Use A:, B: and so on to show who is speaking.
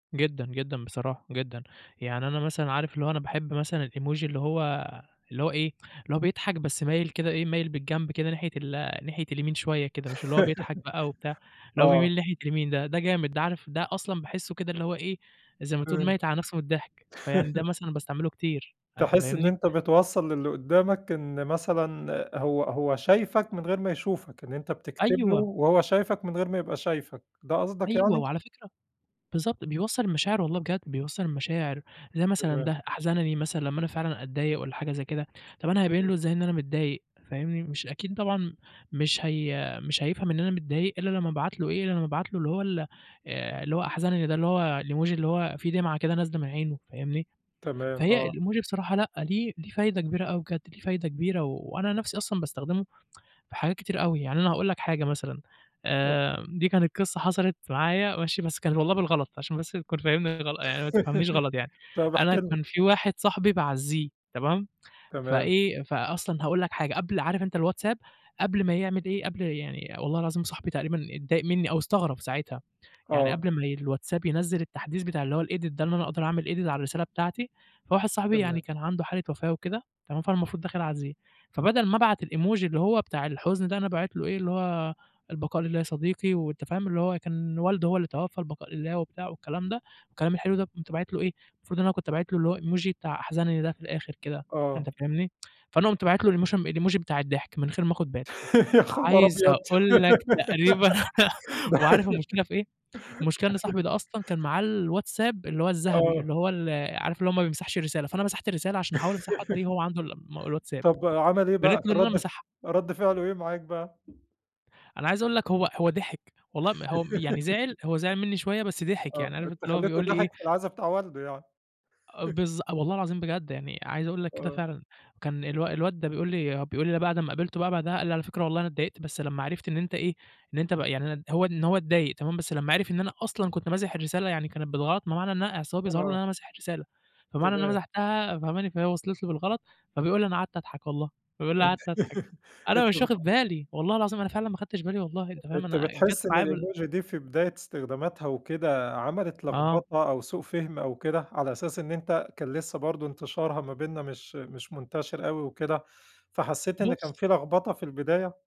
A: جدًا، جدًا، بصراحة جدًا، يعني أنا مثلًا عارف اللي هو أنا باحب مثلًا الEmoji اللي هو اللي هو إيه، اللي هو بيضحك بس مايل كده إيه، مايل بالجنب كده ناحية ال ناحية اليمين شوية كده، مش اللي هو بيضحك بقى وبتاع، اللي هو
B: آه.
A: بيميل ناحية اليمين ده، ده جامد ده. عارف ده أصلًا باحسه كده اللي هو إيه، زي ما تقُول
B: إمم.
A: ميّت على نفسه من الضحك، فيعني ده مثلًا باستعمله كتير، فأنت
B: تحس إن
A: فاهمني؟
B: أنت بتوصّل لِلِّي قدامك إن مثلًا هو هو شايفك من غير ما يشوفك، إن أنت بتكتب له
A: أيوه.
B: وهو شايفك من غير ما يبقى شايفك، ده قصدك
A: أيوه،
B: يعني؟
A: وعلى فكرة بالضبط، بيوصّل المشاعر والله بجد، بيوصّل المشاعر، زي مثلًا
B: تمام.
A: ده أحزنني مثلًا لمّا أنا فعلًا أتضايق والّا حاجة زي كده، طَب أنا هابيّن
B: إمم.
A: له إزاي إن أنا متضايق، فاهمني، مش أكيد طبعًا مش هي مش هيفهم إن أنا متضايق إلّا لمّا أبعت له إيه، إلّا لمَا أبعت له اللي هو ال آآ، اللي هو أحزنني ده اللي هو الemoji اللي هو فيه دمعة كده نازلة من عينه، فاهمني.
B: تمام،
A: فهي
B: آه.
A: الemoji بصراحة لأ ليه ليه فايدة كبيرة أوي بجد ليه فايدة كبيرة، و وأنا نَفْسي أصلًا باستخدمه في حاجات كتير أوي يعني. أنا هاقول لك حاجة مثلًا،
B: اتفضل.
A: آآ، دي كانت قصة حصلت معايا، ماشي، بس كان والله بالغلط عشان بس تكون فاهمني غلط يعني ما تفهمنيش غلط يعني،
B: طَب احكِ
A: أنا
B: لنا.
A: كان في واحد صاحبي باعزيه تمام،
B: تمام.
A: فإيه، فأصلًا هاقول لك حاجة قبل عارف أنت الWhatsApp؟ قبل ما يعمِل إيه، قبل يعني والله العظيم صاحبي تقريبًا اتضايق مِّني أو استغرب ساعتها، يعني
B: آه.
A: قبل ما ي الWhatsApp ينزّل التحديث بتاع اللي هو الedit ده، إن أنا أقدر أعمل edit على الرسالة بتاعتي، فواحد صاحبي يعني
B: تمام.
A: كان عنده حالة وفاة وكده، تمام، فأنا المفروض داخل أعزيه، فبَدَل ما أبعت الemoji اللي هو بتاع الحزن ده، أنا باعِت له إيه، اللي هو "البقاء لله يا صديقي." وأنت فاهم اللي هو كان والده هو اللي توفى البقاء لله وبتاع والكلام ده والكلام الحلو ده، قُمت باعت له إيه، المفروض إن أنا كنت باعت له اللي هو الemoji بتاع أحزنني ده في الآخر كده،
B: آآ،
A: أنت
B: آه.
A: فاهمني، فأنا قُمت باعت له الاموشن الemoji بتاع الضحك من غير ما آخد بالي،
B: يا خبر
A: عايز
B: أبيض!
A: أقول لك تقريبًا
B: ده
A: وعارف المشكلة في إيه، المشكلة إن صاحبي ده أصلًا كان معاه الWhatsApp اللي هو الذهبي
B: آه.
A: اللي هو ال عارف اللي هو ما بيمسحش الرسالة، فأنا مسحت الرسالة عشان أحاول أمسحه تقريبًا هو عنده الم الWhatsApp،
B: طَب عمل إيه
A: بانت
B: بقى،
A: له إن أنا
B: رد ف
A: ماسحها.
B: رد فعله إيه معاك بقى؟
A: أنا عايز أقول لك هو هو ضحك، والله م هو م يعني زعِل هو زعِل مِنّي شوية بس ضحك،
B: آه،
A: يعني عارف أنت
B: أنت
A: اللي هو
B: خليته
A: بيقول لي إيه
B: ضحك في العزا بتاع والده يعني.
A: آه بالضب والله العظيم بجد، يعني عايز أقُول لك كده
B: آه.
A: فعلًا. كان الو الواد ده بيقُول لي بيقُول لي بعد ما قابلته بقى بعدها قال لي: "على فكرة والله أنا إتضايقت بس لمّا عرفت إن أنت إيه، إن أنت بقى يعني" هو إن هو إتضايق تمام بس لمّا عرف إن أنا أصلًا كنت ماسح الرسالة، يعني كانت بالغلط ما معنى إنها أصل هو بيظهر له إن
B: آه.
A: أنا ماسح الرسالة، فمعنى إن أنا
B: تمام.
A: مسحتها، فهماني، فهي وصلت له بالغلط. فبيقول لي: "أنا قعدت أضحك والله." بيقُول لي:
B: أن
A: "قعدت أضحك." أنا
B: أنت
A: مش واخد
B: بتحس
A: بالي، والله العظيم أنا فعلًا ما أخدتش بالي والله، أنت فاهم،
B: أنت
A: أنا جات
B: بتحس إن
A: معايا بال
B: الemoji دي في بداية استخداماتها وكده عملت
A: آه.
B: لغبطة أو سوء فهم أو كده، على أساس إن أنت كان لسه برضه انتشارها ما بيننا مش مش منتشر أوي وكده، فحسيت إن كان
A: بس.
B: في لغبطة في البداية؟